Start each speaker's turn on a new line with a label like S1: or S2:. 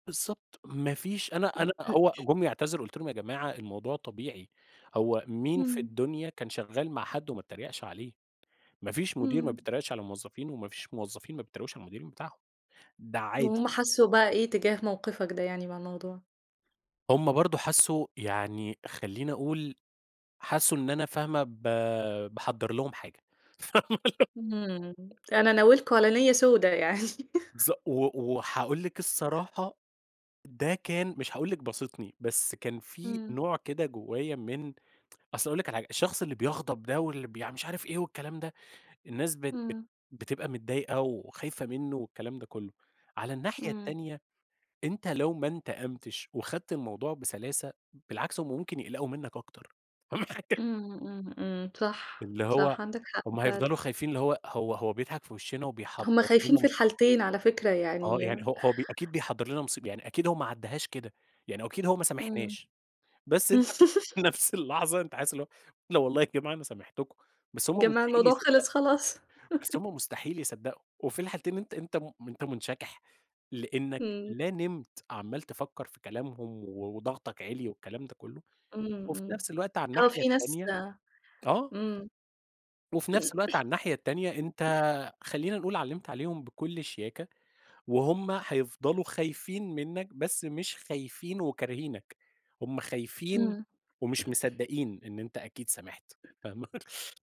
S1: بالضبط ما فيش أنا أنا هو جُم يعتذروا، قلت لهم: "يا جماعة الموضوع طبيعي، هو مين في
S2: امم.
S1: الدنيا كان شغال مع حد وما اتّريقش عليه؟ ما فيش مدير ما
S2: امم.
S1: بيتريقش على الموظفين وما فيش موظفين ما بيتريقوش على المدير بتاعهم، ده عادي."
S2: وهُم حسّوا بقى إيه تجاه موقفك ده يعني مع الموضوع؟
S1: هُم برضه حسوا يعني خليني أقول، حسوا إن أنا فاهمة ب باحضر لهم حاجة. [unintelligible]
S2: امم، أنا ناوي لكم على نِيّة سودة يعني
S1: ص و وهاقول لِك الصراحة، ده كان مش هاقول لِك باسطني بس كان في
S2: امم.
S1: نوع كده جوايا من أصل هاقول لِك على حاجة، الشخص اللي بيغضب ده واللي بيـع مش عارف إيه والكلام ده، الناس بت بت
S2: امم.
S1: بتبقى متضايقة وخايفة منه والكلام ده كله. على الناحية
S2: إمم.
S1: التانية، أنت لو ما انتقمتش وخدت الموضوع بسلاسة، بالعكس هُم ممكن يقلقوا منك أكتر فاهمة حاجة؟
S2: امم، امم، امم، صح
S1: اللي هو،
S2: صح، عندك حق
S1: هُم هيفضلوا
S2: فعلًا
S1: خايفين اللي هو هو هو بيضحك في وِشِّنا
S2: هُم
S1: وبيحضّر
S2: خايفين
S1: لنا
S2: في
S1: مصيبة.
S2: الحالتين على فكرة
S1: آه
S2: يعني
S1: يعني، هو هو ب أكيد بيحضّر لنا مصيبة يعني أكيد هو ما عدهاش كده، يعني أكيد هو ما
S2: امم
S1: سامحناش. بس أنت في نفس اللحظة أنت حاسس اللي هو لا والله يا جماعة أنا سامحتكم بس هُم
S2: جماعة
S1: مستحيل
S2: الموضوع
S1: يصدقوا،
S2: خلص خلاص
S1: بس هُم مستحيل يصدقوا، وفي الحالتين أنت أنت م أنت منشكح؛ لأنك
S2: امم.
S1: لا نمت، عَمّال تفكر في كلامهم و وضغطك عِلِي والكلام ده كله،
S2: امم
S1: وفي
S2: امم،
S1: نفس الوقت على
S2: آه
S1: الناحية
S2: في ناس
S1: التانية آه.
S2: امم.
S1: وفي نفس الوقت على الناحية التانية، أنت- خلينا نقول- علمت عليهم بكل شياكة، وهُم هيفضلوا خايفين منك، بس مش خايفين وكارهينك، هُم خايفين
S2: امم
S1: ومش مصدقين إن أنت أكيد سامحت فاهمة.